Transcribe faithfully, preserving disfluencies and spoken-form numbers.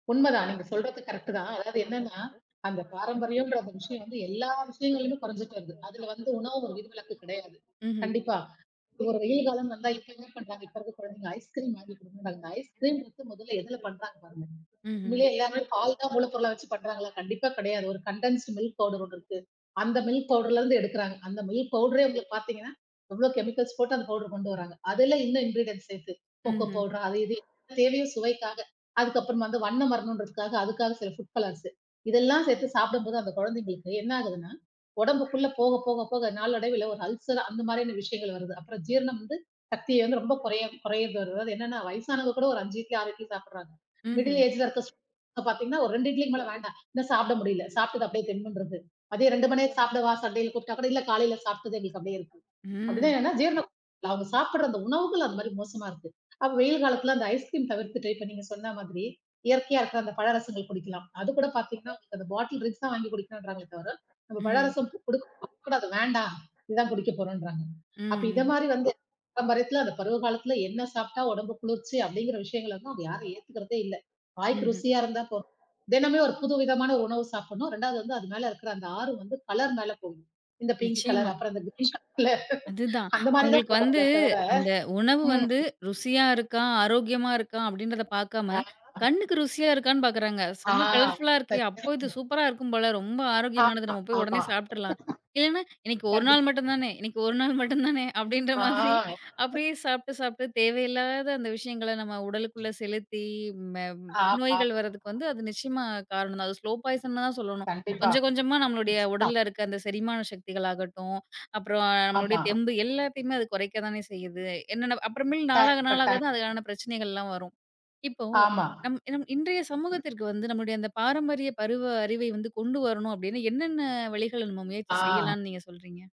உண்ம தான். நீங்கச் சொல்றது கரக்ட்டு தான். அதாவது என்னன்னா, அந்தப் பாரம்பரியம்ன்ற விஷயம் வந்து எல்லா விஷயங்களிலும் குறைஞ்சுட்டு வருது. அதுல வந்து உணவு விதிவிலக்கு கெடயாது, ம்ஹ்ம். கண்டிப்பா. ஒரு வெயில் காலம் வந்தா இப்ப என்ன பண்றாங்க, இப்ப இருக்குற குழந்தைங்க, ஐஸ் கிரீம் வாங்கி கொடுங்கன்றங்க. அந்த ஐஸ் கிரீம் முதல்ல எதுல பண்றாங்க பாருங்க. ம்ஹ்ம். உண்மயிலேயே எல்லாமே பால் தான் மூலப்பொருள வெச்சுப் பண்றாங்களா, கண்டிப்பா கெடயாது. ஒரு கண்டன்ஸ்டு மில்க் பௌடெர் ஒண்ணு இருக்கு. அந்த மில்க் பௌடெர்ல இருந்து எடுக்குறாங்க. அந்த மில்க் பௌடெரே உங்களுக்குப் பாத்தீங்கன்னா, எவ்ளோ செமிகல்ஸ் போட்டு அந்த பௌடெர் கொண்டு வராங்க. அதுல இன்னும் இங்கிரிடென்ட்ச சேத்து கோகோ ம்ஹ்ம். பௌடெர் அது இது தேவையும் சுவைக்காக. அதுக்கப்புறம் வந்து வண்ணம் வரணும்ன்றதுக்காக அதுக்காகச் சில ஃபுட் கலர்சு இதெல்லாம் சேத்து சாப்பிடும்போது அந்தக் குழந்தைங்களுக்கு என்ன ஆகுதுன்னா, உடம்புக்குள்ள போகப்போக போக நாளடைவுல ஒரு அல்செர் அந்த மாரியான விஷயங்கள் வருது. அப்புறம் ஜீரணம் வந்து, சக்தி வந்து ரொம்ப குற குறையறது. அதாவது என்னன்னா வயசானவங்க கூட ஒரு அஞ்சு இட்லி, ஆறு இட்லி சாப்பிடுறாங்க. மிடில் ம்ஹ்ம். ஏஜ் இருக்குற [unintelligible] பாத்தீங்கன்னா, ஒரு ரெண்டு இட்லிக்கு மேல வேண்டாம். இன்ன சாப்பிட முடியல. சாப்ட்டது அப்டியே திம்முன்றுக்கு. மதியம் ரெண்டு மணிக்கு சாப்பிடவா, சண்டயில கூப்பிட்டா கூட இல்ல காலையில சாப்ட்டது எங்களுக்கு அப்டியே இருக்கு. அப்டின்னா ம். என்னன்னா, ஜீரணம் [unintelligible] அவங்க சாப்பிடற, அந்த உணவுகள் அந்த மாரி மோசமா இருக்கு. அப்ப வெயில் காலத்துல அந்த ஐஸ் கிரீம் தவிர்த்துட்டு. இப்ப நீங்கச் சொன்ன மாதிரி இயற்கயா இருக்குற அந்தப் பழரசங்கள் குடிக்கலாம். அதுகூட பாத்தீங்கன்னா, உங்களுக்கு அந்த பாட்டில் ட்ரிங்க்ஸ் தான் வாங்கி குடிக்கனுன்றாங்க தவிர. நம்ம ம்ஹ்ம். பழரசம் குடுக்கக் கூடாது, வேண்டாம். இதான் குடிக்கப்போறோன்றாங்க. அப்ப இத ம்ஹ்ம். மாரி வந்து பாரம்பரியத்துல, அந்த பருவ காலத்துல என்ன சாப்ட்டா உடம்புக்கு குளிர்ச்சி அப்டிங்கிற விஷயங்களலாம், அவங்க யாரும் ஏத்துக்குறதே இல்ல. வாய்க்கு ம்ஹ்ம். ருசியா இருந்தா போதும். தினமும் ஒரு புது விதமான ஒரு உணவு சாப்பிடணும். ரெண்டாவது வந்து அது மேல இருக்குற அந்த ஆர்வம், வந்து கலர் மேல போகணும். இந்தப் பிங்க் நிச்சயமா. கலர் அப்புறம் அந்த க்ரீன் கலர்ல அது தான். அந்த மாரிதான் அவங்களுக்கு வந்து போறாங்களே தவிர, அந்த உணவு ம். வந்து, ருசியா இருக்கா, ஆரோக்கியமா இருக்கா? அப்டின்றத பாக்காம, ஆமா. அ. கண்ணுக்கு ருசியா இருக்கான்னு பாக்குறாங்க. ஆ. செம்ம கலர்ஃபுல்லா இருக்கு. அப்ப இது சத்தியமா. சூப்பரா இருக்கும் போல. ரொம்ப ஆரோக்கியமானது. ஆமா, நம்ம போய் உடனே ஆமா. சாப்ட்ருலாம். இல்லனா இன்னைக்கு ஒரு நாள் கண்டிப்பாங்க. மட்டும் தானே, இன்னைக்கு ஒரு நாள் மட்டும் தானே அப்டின்ற ஆ. மாதிரி, அப்டியே சாப்ட்டு சாப்ட்டு தேவையில்லாத அந்த விஷயங்கள, நம்ம உடலுக்குள்ள செலுத்தி, ம்ம நோய்கள் ஆமாம். வர்றதுக்கு அது நிச்சயமா காரணம். அது ஸ்லோ பாய்சென் தான் சொல்லணும். கண்டிப்பா, கொஞ்சம் கொஞ்சமா, நம்மளோடய நிச்சயமா. உடல்ல இருக்க. அந்த செரிமான சக்திகள் ஆகட்டும். அப்புறம் நம்மளுடய ஆமா. தெம்பு, எல்லாத்தையுமே அது குறைக்கத்தானே செய்யுது. என்னா, அப்புறமேல் கட்டாயம், நாளாக நாளாகத் கட்டாயமா. தான் அதுக்கான பிரச்சனைகள்லாம் வரும். இப்போ ஆமா. நம்ம நம்ம இன்றய சமூகத்திற்கு வந்து, நம்முடய அந்த பாரம்பரிய பருவ அறிவை வந்து கொண்டு வரணும் அப்டீன்னு, என்னென்ன வழிகள் நம்ம முயற்சி ஆ. செய்யலான்னு நீங்கச் சொல்றீங்க?